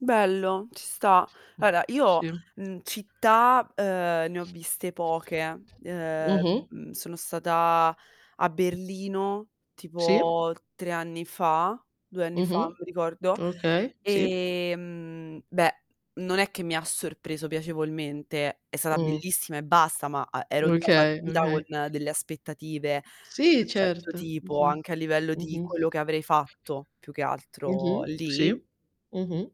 Bello, ci sta. Mh. Allora io, Sì. mhmm, città, uhm, ne ho viste poche. Uhm, Mh-mh. mhmm, sono stata a Berlino Sì. tipo 3 anni fa, 2 anni fa, non Mh-mh. mi ricordo, Okay, sì. ehm, beh non è che mi ha sorpreso piacevolmente. È stata Mh. bellissima e basta, ma, uhm, ero già Okay, partita con okay. delle aspettative di Sì, un certo certo. tipo Mh-mh, anche a livello di mh-mh. quello che avrei fatto più che altro Mh-mh, sì, lì mh-mh.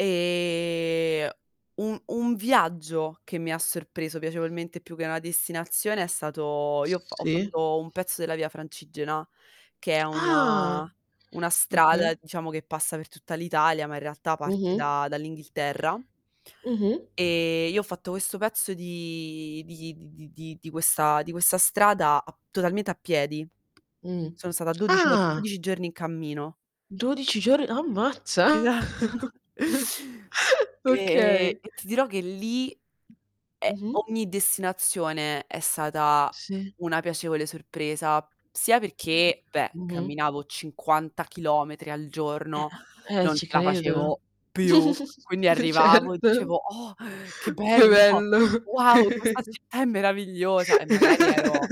Ehm, un un viaggio che mi ha sorpreso piacevolmente più che una destinazione è stato io ho f ho Sì. fatto un pezzo della Via Francigena che è una Ah, una strada okay. diciamo che passa per tutta l'Italia, ma in realtà parte Mh-mh. da dall'Inghilterra Mh-mh. ehm, io ho fatto questo pezzo di di di di di di questa di questa strada ap totalmente a piedi. Mh. Sono stata dodici o Ah! 12 giorni in cammino. 12 giorn ammazza! Esatto. Ehm, Okay. e ti dirò che lì, ehm Mh-mh. ogni destinazione è stata Sì. una piacevole sorpresa, sia Eh, perché, beh, mh-mh. camminavo 50 chilometri al giorno, Eh-eh, eh, non ce ci la credo. facevo più. Quindi arrivavo e Certo. dicevo: "Oh, che Che bello, bello. wow, questa città è meravigliosa". E magari ero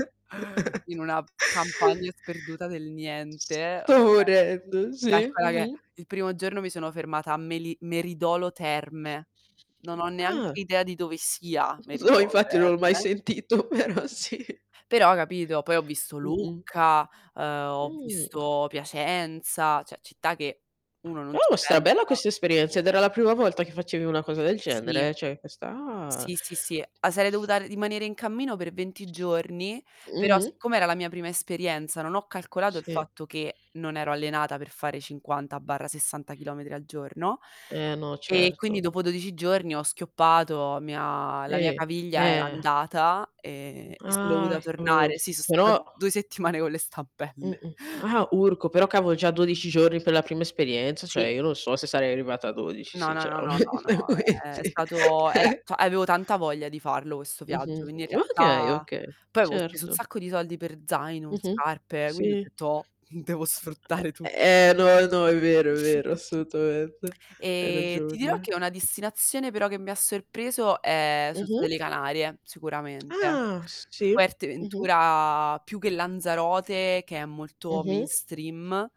in una campagna sperduta del niente, okay Sto morendo. Sì. Calcola che Mh-mh. il primo giorno mi sono fermata a meli Meridolo Terme. Non ho Ah. neanche idea di dove sia No Meridolo infatti non l'ho mai Terme sentito, però sì. però, capito, poi ho visto Mh-mh. Lucca, uhm, ho Mhmm. visto Piacenza, cioè città che uno non ci Oh, stra pensa bella questa esperienza, ed era la prima volta che facevi una cosa del Sì. genere, cioè questa ah. Sì, sì, sì. Ah, sarei dovuta rimanere in cammino per 20 giorni, però Mh-mh. siccome era la mia prima esperienza non ho calcolato il Sì. fatto che non ero allenata per fare 50/60 chilometri al giorno, Eh no, ehm, quindi certo. dopo 12 giorni, ho schioppato, mi ha la mia Sì. caviglia era Eh andata, ehm, Uhm, e son ah, dovuta cavolo, tornare. Sì, son stata però 2 settimane con le stampelle. Mh-mh, ah urco, però cavo già 12 giorni per la prima esperienza, Sì. cioè io non so se sarei arrivata a 12 No, no, no, no, no, sinceramente, ehm, è quindi stato era cioè avevo tanta voglia di farlo questo viaggio, Mh-mh, quindi in okay, realtà okay, poi avevo speso un certo. sacco di soldi per zaino, Mh-mh, scarpe, quindi ho sì. detto devo sfruttare tu Ehm, e no, no, è vero, è vero, [unintelligible] assolutamente hai Ehm, ti dirò ragione. che una destinazione però che mi ha sorpreso, ehm, sono state le Mh-mh. Canarie, sicuramente, Ah, s sì, Fuerte mh-mh. Ventura più che Lanzarote che è molto Mh-mh. mainstream.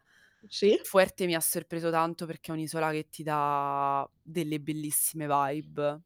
Sì. Fuerte mi ha sorpreso tanto perché è un'isola che ti dà delle bellissime vibe.